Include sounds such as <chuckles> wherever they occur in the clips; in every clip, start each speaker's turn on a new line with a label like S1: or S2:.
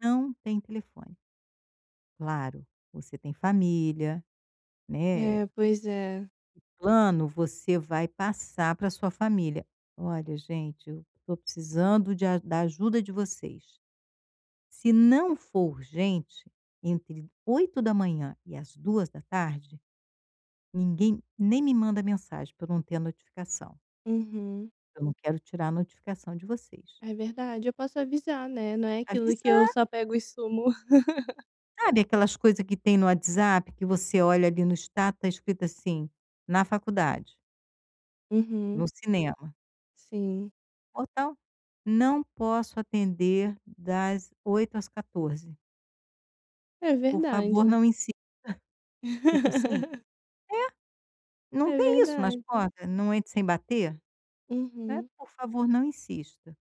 S1: Não tem telefone. Claro, você tem família, né, eh,
S2: É, pois é.
S1: plano você vai passar para sua família, olha gente eu estou precisando de a da ajuda de vocês. Se não for urgente, entre 8h e às 14h, ninguém nem me manda mensagem para eu não ter a notificação.
S2: Uhum.
S1: Eu não quero tirar a notificação de vocês.
S2: É verdade, eu posso avisar, né, não é aquilo que eu
S1: Avisar.
S2: só pego e sumo. <laughs>
S1: Sabe, aquelas coisa que tem no WhatsApp que você olha ali no status tá escrito assim, na faculdade.
S2: Uhum.
S1: No cinema.
S2: Sim.
S1: Ou tal, não posso atender das 8h às 14h.
S2: É
S1: Por favor
S2: verdade.
S1: não insista, tipo assim,
S2: <laughs>
S1: é, não
S2: É
S1: tem isso nas
S2: verdade.
S1: portas, não entre sem bater, né,
S2: Uhum.
S1: por favor não insista.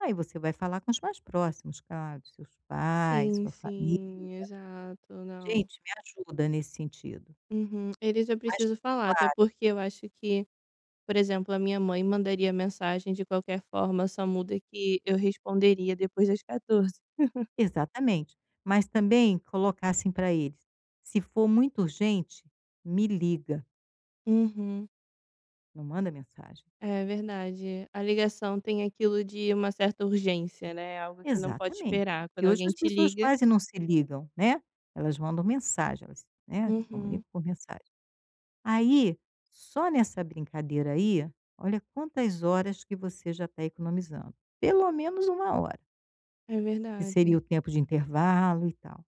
S1: Aí você vai falar com os mais próximos claro, seus pais,
S2: Sim
S1: sua família,
S2: sim, exato, não.
S1: gente me ajuda nesse sentido.
S2: Uhum, eles eu
S1: Mais
S2: preciso falar, até
S1: claro.
S2: porque eu acho que, por exemplo, a minha mãe mandaria mensagem de qualquer forma, só muda que eu responderia depois das 14. <chuckles>
S1: Exatamente, mas também colocar assim para eles, se for muito urgente, me liga.
S2: Uhum.
S1: Não manda mensagem.
S2: É verdade, a ligação tem aquilo de uma certa urgência, né, é algo que não pode
S1: Exatamente,
S2: esperar
S1: porque
S2: quando
S1: hoje
S2: alguém
S1: as
S2: te
S1: pessoas
S2: liga
S1: quase não se ligam, né, elas mandam mensagens, né, se
S2: Uhum.
S1: comunicam por mensagem. Aí, só nessa brincadeira aí, olha quantas horas que você já tá economizando, pelo menos 1 hora.
S2: É
S1: Que seria
S2: verdade.
S1: o tempo de intervalo e tal.